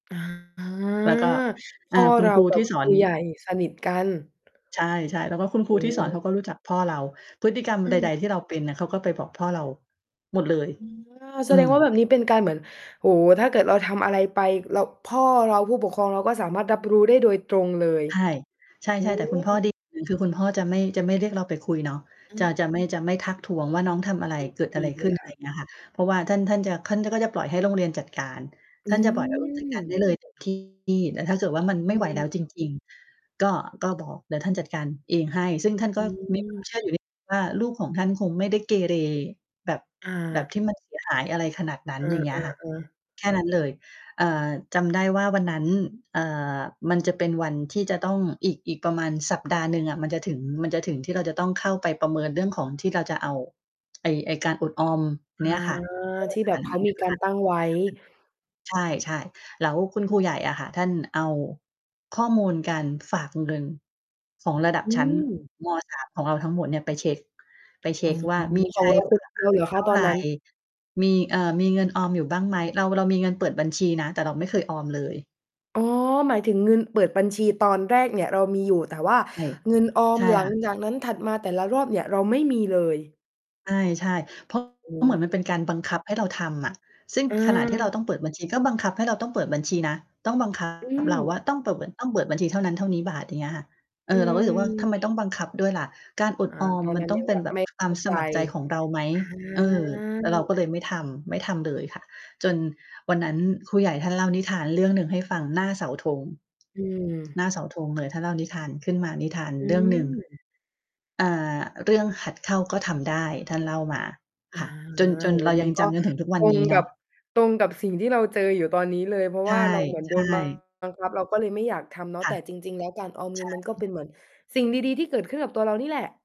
อ่า แล้วก็ พอ่า ่อคุเณรคารูกัทบี่สคอรน ูใหญ่สนิทกัน ใช่ ๆ แล้วก็คุณครอูือที่ฮสอนึ เขาก็รู้จักพ่อเรา พฤติกรรมอืใด อ ๆ ที่เราเป็นน่ะ เขาก็ไปบอกพ่อเราหมดเลย อา แอสืดงม ว่าแบบนี้เป็นการเหมือน โอ้โฮ ถ้าเกิดเราทำอะไรไป เรา พ่อเรา ผู้ปกครองเราก็สามารถรับรู้ได้โดยตรงเลย ใช่ ใชโอ้่ ๆ แต่คุณพโ่อ ดีฮ อย่างหนึ่ง คือคุณพ่อจะไม่ จะไม่เรียกเราไปคุยเนาะ อืจะ ม จะไม่ จะไม่ทักท้วงว่า น้องทำอะไร? อือ เกิดดอะไีรขเลึ้น? ยอะคไร่ะ อย่างเงี้ย ค่ะ เพราะว่าท่าน ท่านจะ ท่าน ท่านก็จะปล่อยให้โรงเรียนจัดการ อทื่านจะปล่อย โรงเรียนจัดการได้ม เลยเต็มที่ แต่ถ้าเกิดว่ามันอไม่ไหวแลือ ้วจริง ๆ ก็ ก็บอก เดี๋ยวท่านจัดการเองให้ ซึ่งท่านอก็ มีความืม เชื่ออยู่นิดหนึ่ง ว่า ลูกของท่านคงไม่ได้เกเร แบบ อแบบา ที่มัน เสียหาย อะไรขนาดนั้เน ออย่างเงี้ยค่ะ อ ๆ ๆ แค่นั้นเลย อ่า จำได้ว่าวันนั้น เอ่อ มันจะเป็นวันที่จะต้อง อีก อีกประมาณสัปดาห์หนึ่งอะมันจะถึง มันจะถึงที่เราจะต้องเข้าไปประเมินเรื่องของที่เราจะเอา ไอ้ ไอ้การอดออมอา เนี้ยค่ะ ที่แบบเขามีการตั้งไว้ [unintelligible] ใช่ ๆ แล้วคุณครูใหญ่อะค่ะ ท่านเอาข้อมูลการฝากเงินของระดับอืชั้น ม ม. 3 ของเราทั้งหมดเนี่ยไปเช็ก ไปเชอ๋็อ กว่ามี ขใชอง้เราเผคืือ ่อฝเารากเหลือเขเทา่าตอไนร? นั้น มี เอ่อ มีเงินออมอยู่บ้างไหม เรา เรามีเงินเปิดบัญชีนะ แต่เราไม่เคยออมเลย อ๋อ หมายถึงเงินเปิดบัญชีตอนแรกเนี่ยเรามีอยู่ แต่ว่าใช่ เงินออใม ช่หลัคง่ะ จากนั้นถัดมาแต่ละรอบเนี่ย เราไม่มีเลย ใช่ ๆ เพราะ โอ้ เหมือนมันเป็นการบังคับให้เราทำอะ ซึ่งขนาดที่เราตอา ้องเปิดบัญชีก็บังคับให้เราต้องเปิดบัญชีนะ ต้อง บังคัอืบ เราว่าม ต้องเปิด ต้องเปิดบัญชีเท่านั้นเท่านี้บาท อย่างเงี้ยค่ะ เออือ เราก็รู้สึกว่า ทำไอ มต้องบังคับด้วยล่ะ? การอดอ่า ออมตอนมันนั้นต้อยงังเป็แบนบแบไบม่ควเขาม้าสใจ มัครใจของเราไหม? อา เออ เราก็เลยไม่ทำ ไม่ทำเลยค่ะ จนวันนั้นครูใหญ่ท่านเล่านิทานเรื่องหนึ่งให้ฟังหน้าเสาธง อืหน้าอ เสาธงเลย ท่านเล่านิทานขึ้นมา นิทานอืเรื่องหนึ่ง ม อ่า เรื่องหัดเข้าก็ทำได้ ท่านเล่ามา อคา ่ะ จน จโนอ้โฮ เรามยัังนกจ็ ำจนถึงทุกวัตนรนงี้เกนัาะ บ ตรงกับสิ่งที่เราเจออยู่ตอนนี้เลย เพราะใชว่ ่า เราเหมือนโดน บๆ ังคับ เราก็เลยไม่อยากทำเนาะ ค่แะ ต่จริง ๆ แล้วการออมใเงชิ่ นมันก็เป็นเหมือนสิ่งดี ๆ ที่เกิดขึ้นกับตัวเรานี่แหละ